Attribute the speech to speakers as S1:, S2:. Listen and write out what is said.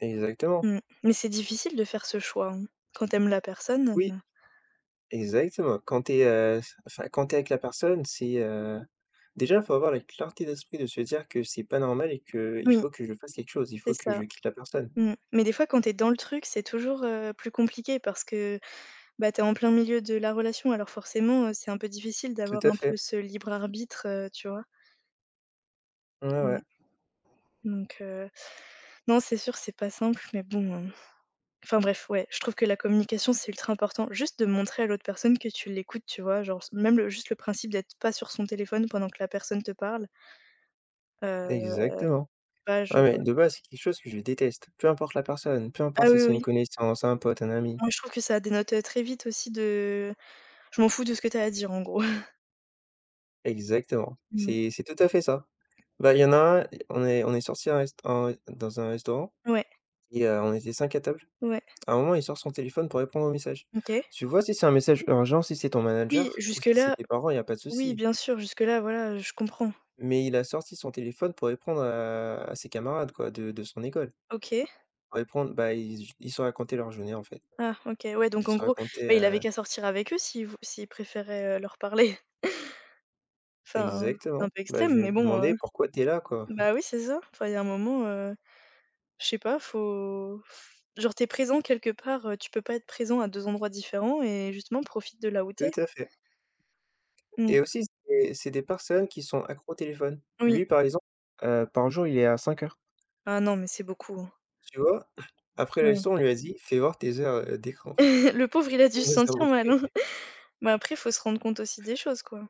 S1: Exactement.
S2: Mmh, mais c'est difficile de faire ce choix, hein, quand tu aimes la personne, heu,
S1: Oui,
S2: ne
S1: exactement. Quand tu es, heu, f enfin, quand tu es avec la personne, c'est, heu déjà, il faut avoir la clarté d'esprit de se dire que c'est pas normal et qu'il
S2: Oui,
S1: faut que je fasse quelque chose, il
S2: c'est
S1: faut que
S2: ça.
S1: je quitte la personne.
S2: Mmh. Mais des fois, quand tu es dans le truc, c'est toujours, heu, plus compliqué parce que, bah, tu es en plein milieu de la relation, alors forcément, heu, c'est un peu difficile
S1: Tout
S2: d'avoir
S1: à
S2: un peu
S1: fait.
S2: ce libre arbitre, heu, tu vois?
S1: Mmh, ouais,
S2: Mmh.
S1: ouais.
S2: Donc heu, non, c'est sûr, c'est pas simple, mais bon, heu. Enfin bref, ouais, je trouve que la communication, c'est ultra important, juste de montrer à l'autre personne que tu l'écoutes. Tu vois? Genre s même le juste le principe d'être pas sur son téléphone pendant que la personne te parle. Heu,
S1: Exactement.
S2: ouais,
S1: Ouais,
S2: genre,
S1: mais
S2: heu
S1: de base, c'est quelque chose que je déteste, peu importe la personne, peu importe
S2: Ah,
S1: si
S2: oui,
S1: c'est une
S2: oui.
S1: connaissance, un pote, un ami.
S2: Moi, je trouve que ça dénote, heu, très vite aussi de: «Je m'en fous de ce que tu as à dire», en gros.
S1: Exactement,
S2: Mmh.
S1: c'est c'est tout à fait ça. Bah, il y en a 1 et on est on est sortis un rest un dans un restaurant
S2: Ouais.
S1: et heu, on était 5 à table.
S2: Ouais.
S1: À un moment, il sort son téléphone pour répondre aux messages.
S2: OK.
S1: Tu vois, si c'est un message urgent, si c'est ton
S2: Oui,
S1: manager ou
S2: jusque
S1: si c'est
S2: là,
S1: tes parents, il y a pas de
S2: oui,
S1: souci.
S2: bien sûr, jusque là, voilà, heu, je comprends.
S1: Mais il a sorti son téléphone pour répondre à à ses camarades, quoi, de de son école.
S2: OK.
S1: Pour répondre, bah, il z j ils se racontaient leur journée, en fait.
S2: Ah, OK. Ouais, donc
S1: Ils
S2: en
S1: se
S2: gros,
S1: racontaient
S2: bah, il avait
S1: heu
S2: qu'à sortir avec eux, s'il vou s'il préférait, heu, leur parler. Enfin, c'est un
S1: Exactement.
S2: peu
S1: Bah,
S2: extrême,
S1: je lui ai
S2: mais bon, heu.
S1: demandé: «Pourquoi tu es là, quoi?»
S2: Bah, oui, c'est ça. Enfin, il y a un moment, heu, je sais pas, faut genre, tu es présent quelque part, heu, tu peux pas être présent à 2 endroits différents et justement profite de là où tu
S1: Tout
S2: es.
S1: à fait.
S2: Mmh.
S1: Et aussi, c'est c'est des personnes qui sont accros au téléphone.
S2: Oui.
S1: Lui, par exemple, heu, par jour, il est à 5 heures.
S2: Ah non, mais c'est beaucoup, hein.
S1: Tu vois, après le
S2: Ouais.
S1: resto, on lui a dit: «Fais voir tes heures, heu, d'écran».
S2: Le pauvre, il a dû
S1: Il
S2: se
S1: nous a
S2: sentir mal
S1: montré.
S2: hein. Mais après, il faut se rendre compte aussi des choses, quoi.